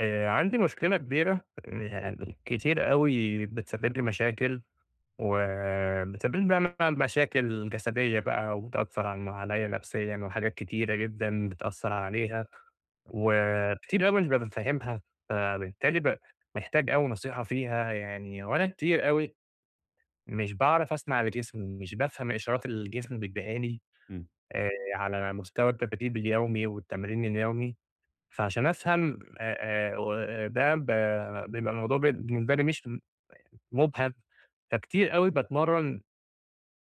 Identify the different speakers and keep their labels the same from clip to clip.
Speaker 1: آآ، عندي مشكلة كبيرة يعني، كتير أوي بتسبب لي مشاكل، وبتسبب لي بقى مثلًا مشاكل جسديّة بقى، وبتأثر عنّ عليّا نفسيّاً، وحاجات كتيرة جدًا بتأثر عليها، وكتير أوي أنا مش بابقى فاهمها، فبالتالي ب محتاج أوي نصيحة فيها يعني، وأنا كتير أوي مش باعرف اسمع لجسمي، مش بافهم إشارات الجسم بيديها لي
Speaker 2: إمم.
Speaker 1: آآ، على مستوى [unintelligible] اليومي والتمرين اليومي، فعشان افهم آآ آآ، و ده ب بيبقى الموضوع بالنسبة لي مش مُبهَم، فكتير أوي باتمرّن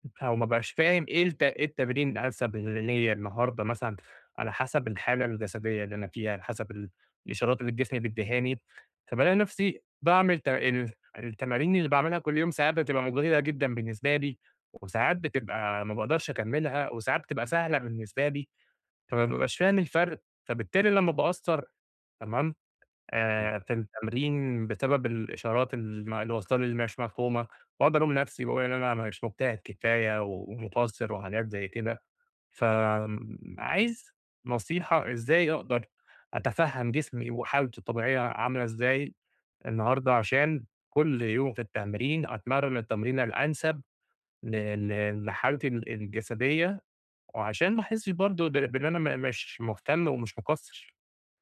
Speaker 1: ب أو ما بقاش فاهم إيه الت أيه التمرين الأنسب ل ليّا النهاردة مثلًا، على حسب الحالة الجسدية اللي أنا فيها، على حسب الإشارات اللي الجسم بيدّيهاني، فبالاقي نفسي باعمل ت ال التمارين اللي باعملها كل يوم، ساعات بتبقى مُجهِدة جدًا بالنسبة لي، وساعات بتبقى ما باقدرش اكملها، وساعات بتبقى سهلة بالنسبة لي، فما بابقاش فاهم الفرق، فبالتالي لما باقصّر تمام
Speaker 2: إمم.
Speaker 1: إيه في التمرين، بسبب الإشارات الم اللي وصلة لي، اللي مش مفهومة، واقعُد الوم نفسي، واقول إن أنا ما مش مجتهد كفاية ومقصّر وحاجات زي كده، فآمم، عايز نصيحة، إزاي أقدر أتفهّم جسمي، وحالتة الطبيعية عاملة ازاي النهاردة، عشان كل يوم في التمرين أتمرّن التمرينة الأنسب ل ل لحالتي ال الجسديّة، وعشان ما احسش برضه ب بإن أنا م مش مهتم، ومش مقصّر؟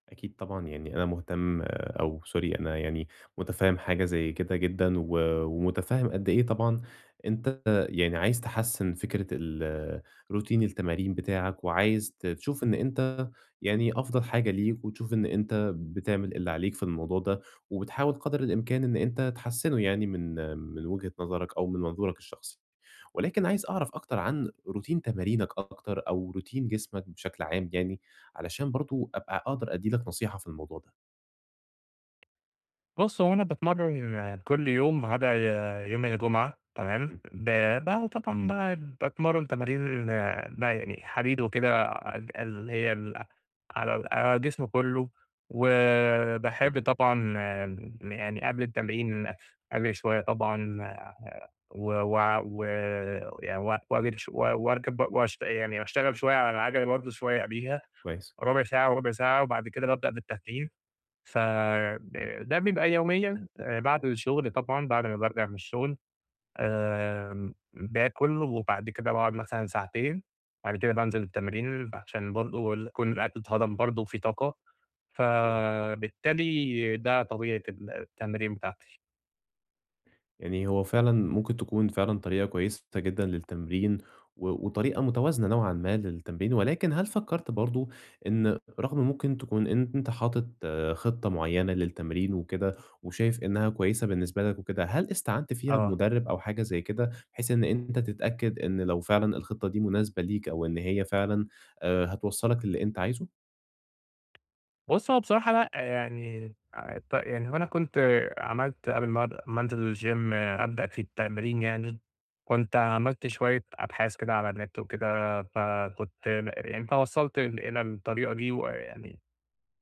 Speaker 2: أكيد طبعًا، يعني أنا مهتِم، أو sorry أنا يعني متفهِّم حاجة زي كده جدًا، و ومتفهِّم قد إيه طبعًا أنتَ يعني عايِز تحسِّن فكرة ال routine التمارين بتاعك، وعايِز ت تشوف إن أنتَ يعني أفضل حاجة ليك، وتشوف إن أنتَ بتعمل اللي عليك في الموضوع ده، وبتحاول قدَر الإمكان إن أنت تحسِّنه يعني، من من وجهة نظرَك أو من منظورَك الشخصي. ولكن عايِز أعرف أكتر عن routine تمارينك أكتر، أو routine جسمك بشكل عام يعني، علشان برضه أبقى أقدَر أدِّي لك نصيحة في الموضوع ده.
Speaker 1: بُص هو أنا باتمرَّن كل يوم ما عدا آآ، يوم الجمعة، تمام.
Speaker 2: إمم.
Speaker 1: ب طبعًا ب باتمرَّن تمارين بقى يعني حديد وكده، ال اللي هي ال على ال على الجسم كله،
Speaker 2: طَب
Speaker 1: وباحب طبعًا يعني قبل التمرين أجري شوية طبعًا، و و و ي وأجري شوية، و وأركب ب واشت يعني وأشتغل شوية على العجلة برضه شوية قبليها،
Speaker 2: كويس.
Speaker 1: ربع ساعة وربع ساعة، وبعد كده بابدأ بالتدريج. فده ده بيبقى يوميًا بعد الشغل، طبعًا، بعد أمَّا بارجع من الشغل، آمم، باكُل، وبعد كده باقعد مثلًا ساعتين، بعد كده بانزِل التمرين، عشان برضه ال يكون الأكل اتهضَم برضه وفي طاقة،
Speaker 2: تمام.
Speaker 1: فبالتالي ده طبيعة التمرين بتاعتي.
Speaker 2: يعني هو فعلًا ممكن تكون فعلًا طريقة كويسة ت جدًا للتمرين، و وطريقة متوازنة نوعًا ما للتمرين، ولكن هل فكرت برضه إن رغم ممكن تكون أنت حاطط خطة معينة للتمرين وكده، وشايف إنها كويسة بالنسبة لك وكده، هل استعانت فيها
Speaker 1: آه.
Speaker 2: بمدرب أو حاجة زي كده، بحيث إن أنت تتأكد إن لو فعلًا الخطة دي مناسبة ليك أو إن هي فعلًا آآ، هتوَصّلك للي أنت عايزه؟
Speaker 1: بُص هو بصراحة لأ يعني أ ت يعني هو أنا كنت عملت قبل ما أد ما أنزل الGym أبدأ في التمرين يعني، كنت عملت شوية أبحاث كده على النت وكده، فكنت م يعني فوصلت إلى الطريقة دي وإ يعني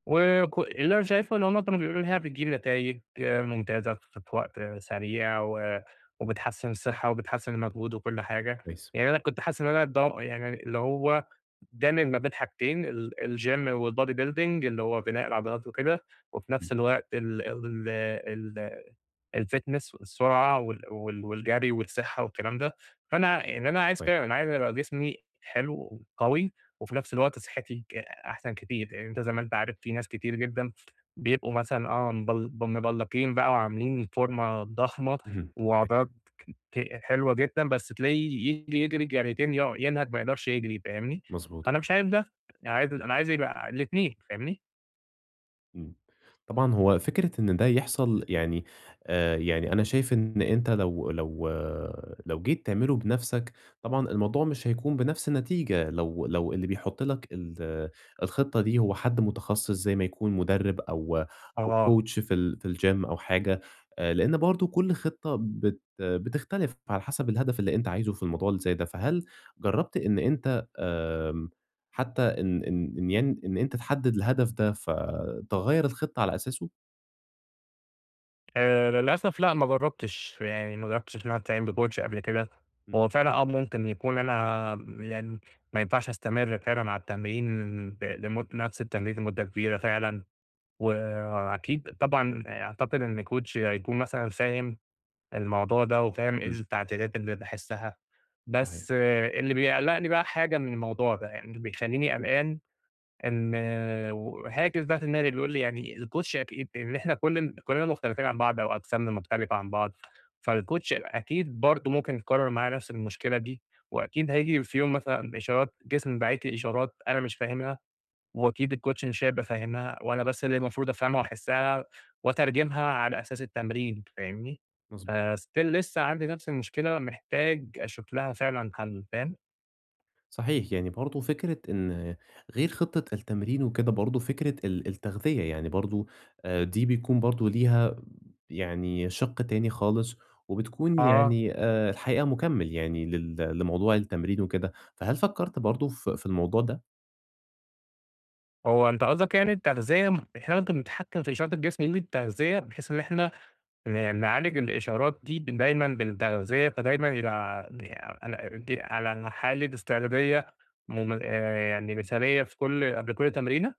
Speaker 1: وكُ اللي أنا شايفه إن هُم كانوا بيقولوا لي إن هي
Speaker 2: إمم.
Speaker 1: بتجيب نتايج ممتازة ف في وقت سريع و وبتحسن الصحة وبتحسن المجهود وكل حاجة،
Speaker 2: كويس.
Speaker 1: يعني أنا كنت حاسن إن هو أنا ضام يعني اللي هو دامج ما بين حاجتين ال الgym والbody building اللي هو بناء العضلات وكده وفي
Speaker 2: إمم.
Speaker 1: نفس الوقت ال ال الfitness والسرعة وال وال والجري والصحة والكلام ده، فأنا يعني أنا عايز
Speaker 2: كوي
Speaker 1: كده أنا عايز ابقى جسمي حلو وقوي و وفي نفس الوقت صحتي ك أحسن كتير، أ أنت زي ما أنت عارف في ناس كتير جدًا بيبقوا مثلًا آه، مبل ب مبلقين بقى وعاملين فورمة ضخمة
Speaker 2: اهم، [unintelligible]
Speaker 1: وعضلات ك ت حلوة جدًا بس تلاقيه يجري يجري جريتين يقعُ ينهج ما يقدرش يجري، فاهمني؟
Speaker 2: مضبوط
Speaker 1: فأنا
Speaker 2: آه.
Speaker 1: مش عايز ده، أنا عايز أنا عايز يبقى الإتنين، فاهمني؟
Speaker 2: إمم. طبعًا هو فكرة إن ده يحصل يعني، آآ، يعني أنا شايف إن أنت لو لو لو جيت تعمله بنفسك، طبعًا الموضوع مش هيكون بنفس النتيجة لو لو اللي بيحُط لَك ال الخطة دي هو حد متخصص، زي ما يكون مُدرِّب أو
Speaker 1: هو
Speaker 2: أو
Speaker 1: آه
Speaker 2: coach في ال في الجيم أو حاجة، آآ، لأن برضه كل خطة بت بتختلف على حسب الهدف اللي أنت عايزه في الموضوع اللي زي ده. فهل جربت إن أنت آآ، حتى إن إن إن يعن إن أنت تحدّد الهدف ده، فتغيَّر الخطة على أساسه؟
Speaker 1: آآ، للأسف لأ، ما جرَّبتش، يعني ما جرَّبتش إن أنا أستعين بcoach قبل كده.
Speaker 2: إمم.
Speaker 1: هو فعلًا، آه، ممكن يكون أنا م يعني ما ينفعش أستمرّ فعلًا على التمرين ب لمد نفس التمرين لمُدة كبيرة فعلًا، وأكيد طبعًا أعتقد إن coach هيكون مثلًا فاهم الموضوع ده، وفاهم إيه
Speaker 2: إمم.
Speaker 1: التعديلات اللي باحسّها.
Speaker 2: صحيح.
Speaker 1: بس اللي بيقلِّقني بقى حاجة من الموضوع ده، يعني اللي بيخلّيني قلقان إن وهاجس بقى في دماغي بيقول لي، يعني الcoach أكيد إن إحنا كل كلنا مختلفين عن بعض أو أجسامنا مختلفة عن بعض، فالcoach هيبقى أكيد برضه ممكن يتكرَّر معاه نفس المشكلة دي. وأكيد هييجي في يوم مثلًا، إشارات جسمي باعت لي إشارات أنا مش فاهمها، وأكيد الcoach مش هيبقى فاهمها، وأنا بس اللي مفروض أفهمها وأحسّها وأترجمها على أساس التمرين. فاهمني؟
Speaker 2: مضبو
Speaker 1: فstill لسّه عندي نفس المشكلة، محتاج أشوف لها فعلًا حل. فاهم؟
Speaker 2: صحيح يعني، برضه فكرة إن غير خطّة التمرين وكده برضه فكرة ال التغذية، يعني برضه آآ، دي بيكون برضه ليها يعني شِق تاني خالص، وبتكون
Speaker 1: آه.
Speaker 2: يعني آآ، الحقيقة مُكمل يعني لل لموضوع التمرين وكده، فهل فكرت برضه في في الموضوع ده؟
Speaker 1: هو أنت قاصدك يعني التغذية إحنا ممكن نتحكم في إشارة الجسم بالتغذية، بحيث إن إحنا ن نعالج الإشارات دي دايمًا بالتغذية، فدايمًا يبقى ع يعني على دي على الحالة إستعدادية مم يعني مثالية في كل قبل كل تمرينة؟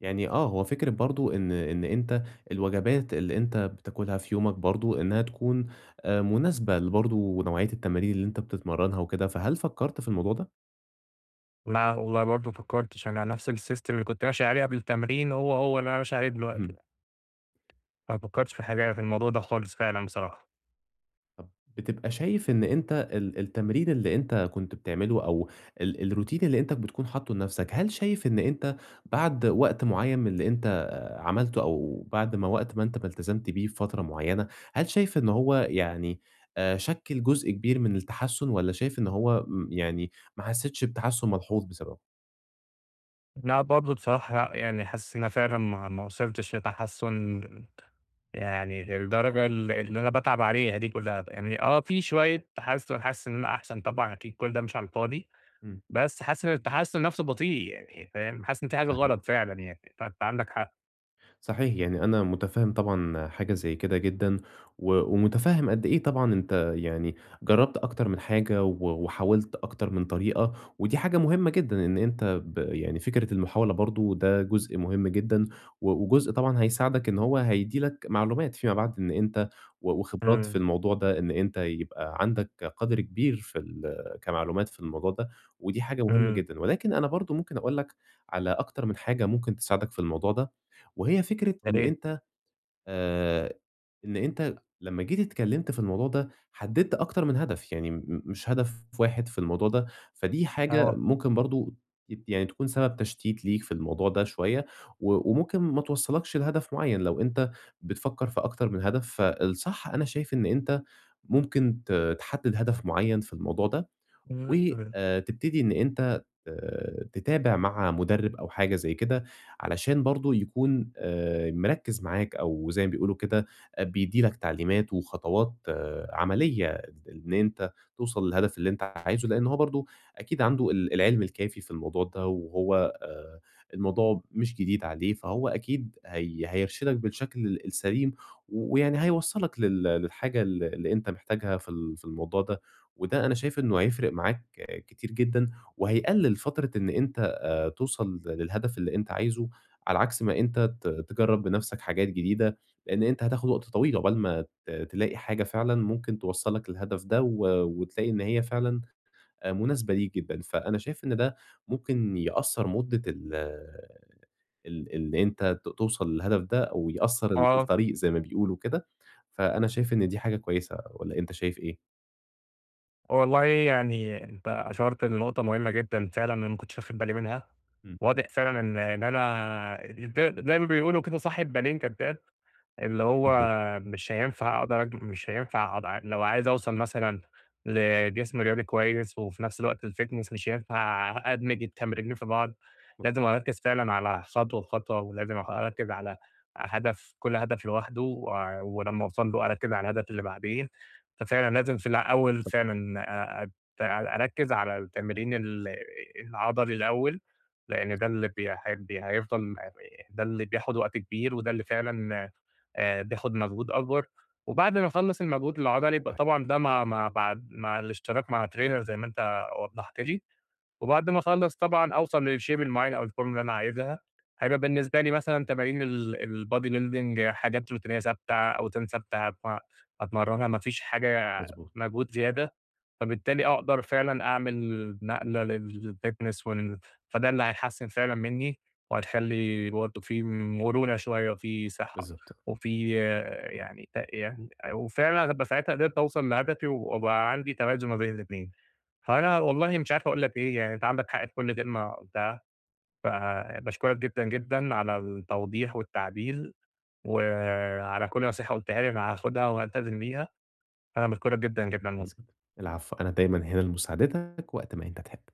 Speaker 2: يعني آه، هو فكرة برضه إن إن أنت الوجبات اللي أنت بتاكلها في يومك برضه، إنها تكون مناسبة لبرضه نوعية التمارين اللي أنت بتتمرنها وكده، فهل فكرت في الموضوع ده؟
Speaker 1: لأ والله برضه ما فكرتش أنا نفس السيستم اللي كنت ماشي عليه قبل التمرين هو هو اللي أنا ماشي عليه دلوقتي.
Speaker 2: إمم.
Speaker 1: ما فكرتش في الحاجة يعني في الموضوع ده خالص فعلًا بصراحة.
Speaker 2: طب بتبقي شايف إن أنت ال التمرين اللي أنت كنت بتعمله أو ال الروتين اللي أنت بتكون حاطّه لنفسك هل شايف إن أنت بعد وقت معين من اللي أنت عملته أو بعد ما وقت ما أنت ما التزمت بيه بفترة معينة، هل شايف إنه هو يعني آآ، شكِّل جزء كبير من التحسّن، والّا شايف إن هو يعني ما حسيتش بتحسّن ملحوظ بسببه؟
Speaker 1: لأ، برضه بصراحة لأ، يعني حاسس إن أنا فعلًا ما ما وصلتش لتحسّن يعني للدرجة اللي اللي أنا باتعب عليها دي كلّها، بأ يعني آه، في شوية تحسّن، حاسس إن أنا أحسن، طبعًا أكيد كل ده مش على الفاضي،
Speaker 2: إمم.
Speaker 1: بس حاسس إن التحسّن نفسه بطيء يعني فاهم؟ حاسس إن في حاجة غلط
Speaker 2: [unintelligible]
Speaker 1: فعلًا يعني، فأنت عندك حق.
Speaker 2: صحيح، يعني أنا مُتفهِّم طبعًا حاجة زي كده جدًا، و ومُتفهِّم قد إيه طبعًا أنت يعني جرَّبت أكتر من حاجة و وحاولت أكتر من طريقة، ودي حاجة مهمة جدًا إن أنت ب يعني فكرة المحاولة برضه ده جزء مهم جدًا، و وجزء طبعًا هيساعدك إن هو هيدّي لك معلومات فيما بعد، إن أنت و وخبرات في
Speaker 1: إمم.
Speaker 2: الموضوع ده، إن أنت يبقى عندك قدر كبير في ال كمعلومات في الموضوع ده، ودي حاجة مهمة
Speaker 1: إمم.
Speaker 2: جدًا. ولكن أنا برضه ممكن أقول لك على أكتر من حاجة ممكن تساعدك في الموضوع ده، وهي فكرة
Speaker 1: يا
Speaker 2: إن
Speaker 1: ريت.
Speaker 2: أنت آآ، إن أنت لمّا جيت اتكلمت في الموضوع ده، حدَّدت أكتر من هدف، يعني م م مش هدف واحد في الموضوع ده. فدي حاجة
Speaker 1: آه.
Speaker 2: ممكن برضه أكيد، يعني تكون سبب تشتيت ليك في الموضوع ده شوية، و وممكن ما توصَّلكش لهدف معيَّن لو أنت بتفكِّر في أكتر من هدف. فالصح، أنا شايف إن أنت ممكن ت تحدِّد هدف معيَّن في الموضوع ده،
Speaker 1: إمم. [unintelligible]
Speaker 2: وآآ، تبتدي إن أنت آآ، تتابع مع مدرِّب أو حاجة زي كده، علشان برضه يكون آآ، مركِّز معاك، أو زي ما بيقولوا كده، آآ، بيدّي لك تعليمات وخطوات عمليّة إن أنت توصل للهدف اللي أنت عايزه. لأن هو برضه أكيد عنده ال العلم الكافي في الموضوع ده، وهو آآ، الموضوع مش جديد عليه، فهو أكيد هي هيرشِدك بالشكل ال السليم، و ويعني هيوصّلك لل للحاجة ال اللي أنت محتاجها في ال في الموضوع ده. وده أنا شايف إنه هيفرِق معاك كتير جدًا، وهيقلِّل فترة إن أنت آآ، توصل للهدف اللي أنت عايزه، على عكس ما أنت ت تجرِّب بنفسك حاجات جديدة، لأن أنت هتاخد وقت طويل عُقبال ما ت تلاقي حاجة فعلًا ممكن توصِّلك للهدف ده، و وتلاقي إن هي فعلًا آآ، مناسبة ليك جدًا. فأنا شايف إن ده ممكن يقصِّر مدة ال ال اللي أنت ت توصل للهدف ده، أو يقصِّر ال
Speaker 1: آه.
Speaker 2: الطريق زي ما بيقولوا وكده. فأنا شايف إن دي حاجة كويسة، والّا أنت شايف إيه؟
Speaker 1: والله يعني أنتَ أَشرت لنقطة مهمة جدًا فعلًا أنا ماكنتش واخد بالي منها،
Speaker 2: إمم.
Speaker 1: واضح فعلًا إن إن أنا زي زي ما بيقولوا كده صاحب بالين كداب، اللي هو
Speaker 2: [unintelligible]
Speaker 1: مش هينفع أقدر أجمع مش هينفع [unintelligible] لو عايز أوصل مثلًا لجسم رياضي كويس، وفي نفس الوقت الFitness مش هينفع أدمج التمرينين في بعض
Speaker 2: [unintelligible]
Speaker 1: لازم أركز فعلًا على خطوة بخطوة ولازم أخ أركز على هدف كل هدف لوحده، و ولما أوصل له أركز على الهدف اللي بعديه، ففعلًا لازم في الأول
Speaker 2: صح.
Speaker 1: فعلًا أ أ أر أركز على التمرين ال العضلي الأول لأن ده اللي
Speaker 2: مضبوط.
Speaker 1: بي ه هيفضل ده اللي بياخد وقت كبير، وده اللي فعلًا آآ بياخد مجهود أكبر، وبعد ما أخلص المجهود العضلي يبقى
Speaker 2: صحيح.
Speaker 1: طبعًا ده مع مع بعد مع الإشتراك مع trainer زي ما أنتَ وضحت لي، وبعد ما أخلص طبعًا أوصل للshape المعين أو الفورمة اللي أنا عايزها هيبقى بالنسبة لي مثلًا تمارين ال الbody building حاجات روتينية ثابتة أوزان ثابتة، فأتمرنها ما فيش حاجة
Speaker 2: مضبوط.
Speaker 1: مجهود زيادة، فبالتالي أقدر فعلًا أعمل نقلة للfitness وال فده اللي هيحسِّن فعلًا مني وهيخلي برضه في مرونة شوية وفي صحة
Speaker 2: بالضبط.
Speaker 1: وفي يعني ت يعني آآ وفعلًا ابقي ساعتها قدرت أوصل لهدفي، وأبقى عندي توازن ما بين الإتنين، فأنا والله مش عارف أقول لَك إيه يعني أنتَ عندك حق في كل كلمة قُلتها، فباشكرك جدًا، جدًا على التوضيح والتعديل و على كل نصيحة قُلتها لي أنا هاخدها والتزم بيها، أنا باشكرك جدًا، جدًا
Speaker 2: كويس
Speaker 1: والله.
Speaker 2: جدًا، العفو أنا دايمًا هنا لمساعدتك وقت ما أنت تحب.